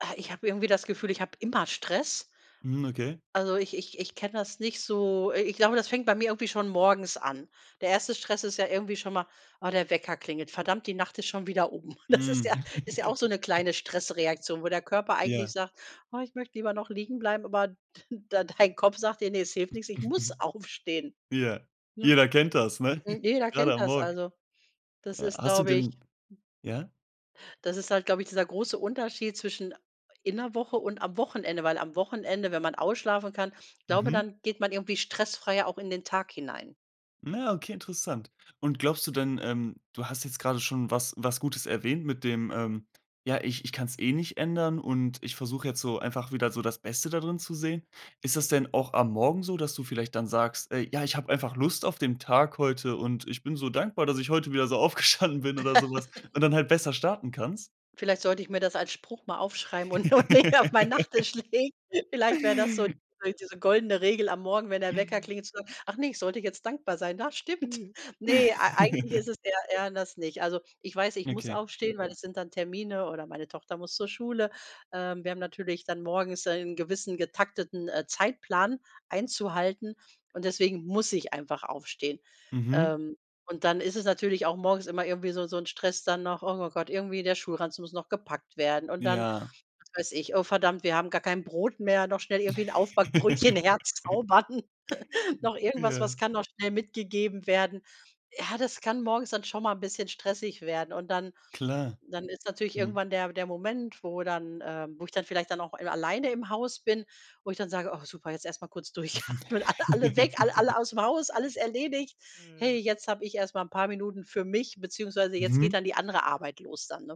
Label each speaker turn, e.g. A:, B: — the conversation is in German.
A: Äh, ich habe irgendwie das Gefühl, ich habe immer Stress.
B: Mhm, okay.
A: Also, ich ich ich kenne das nicht so äh, ich glaube, das fängt bei mir irgendwie schon morgens an. Der 1. Stress ist ja irgendwie schon mal: „Ah, der Wecker klingelt. Verdammt, die Nacht ist schon wieder um.“ Das ist
B: Mhm.
A: ja ist ja auch so 'ne kleine Stressreaktion, wo der Körper eigentlich
B: Ja.
A: sagt: „Oh, ich möchte lieber noch liegen bleiben.“ Aber d d dein Kopf sagt dir: „Ne, es hilft nix, ich muss aufstehen“,
B: Ja,
A: ne?
B: jeder kennt das, ne,
A: Jeder
B: grade
A: kennt
B: am
A: das,
B: Morgen.
A: also, das
B: Ja,
A: ist,
B: hast du
A: glaube ich
B: denn ja?
A: Das ist halt, glaube ich, dieser große Unterschied zwischen in 'ner Woche und am Wochenende, weil am Wochenende, wenn man ausschlafen kann, glaube
B: Mhm.
A: dann geht man irgendwie stressfreier auch in den Tag hinein.
B: Na, okay, interessant. Und glaubst du denn ähm, du hast jetzt gerade schon was was Gutes erwähnt mit dem, ähm: „Ja, ich ich kann's eh nicht ändern und ich versuche jetzt so einfach wieder so das Beste dadrin zu sehen.“ Ist das denn auch am Morgen so, dass du vielleicht dann sagst: „Ey, ja, ich habe einfach Lust auf den Tag heute und ich bin so dankbar, dass ich heute wieder so aufgestanden bin“ oder so was und dann halt besser starten kannst?
A: Vielleicht sollte ich mir das als Spruch mal aufschreiben und noch näher auf mein Nachtisch legen. Vielleicht wäre das so diese goldene Regel am Morgen, wenn der Wecker klingelt, zu sagen: „Ach, ne, ich sollte jetzt dankbar sein. Das stimmt.”
B: Ja.
A: Ne, ei eigentlich ist es der ja, das nicht. Also, ich weiß, ich muss
B: Okay.
A: aufstehen, weil es sind dann Termine oder meine Tochter muss zur Schule. Ähm, wir haben natürlich dann morgens einen gewissen getakteten, äh, Zeitplan einzuhalten und deswegen muss ich einfach aufstehen.
B: Mhm.
A: Ähm, und dann ist es natürlich auch morgens immer irgendwie so so 'n Stress dann noch: „Oh Gott, irgendwie der Schulranzen muss noch gepackt werden.“ Und dann,
B: Ja.
A: was weiß ich: „Oh verdammt, wir haben gar kein Brot mehr, noch schnell irgendwie Aufbackbrötchen herzaubern.“ Noch irgendwas, was
B: Ja.
A: kann noch schnell mitgegeben werden? Ja, das kann morgens dann schon mal bisschen stressig werden. Und dann
B: Klar,
A: dann ist natürlich
B: mhm.
A: irgendwann der der Moment, wo dann, ähm wo ich dann vielleicht dann auch alleine im Haus bin, wo ich dann sage: „Oh, super, jetzt erst mal kurz durchatmen, alle alle weg, alle alle ausm Haus, alles erledigt. Hey, jetzt habe ich erst mal 'n paar Minuten für mich beziehungsweise jetzt geht
B: Mhm.
A: dann die andere Arbeit los dann“, ne?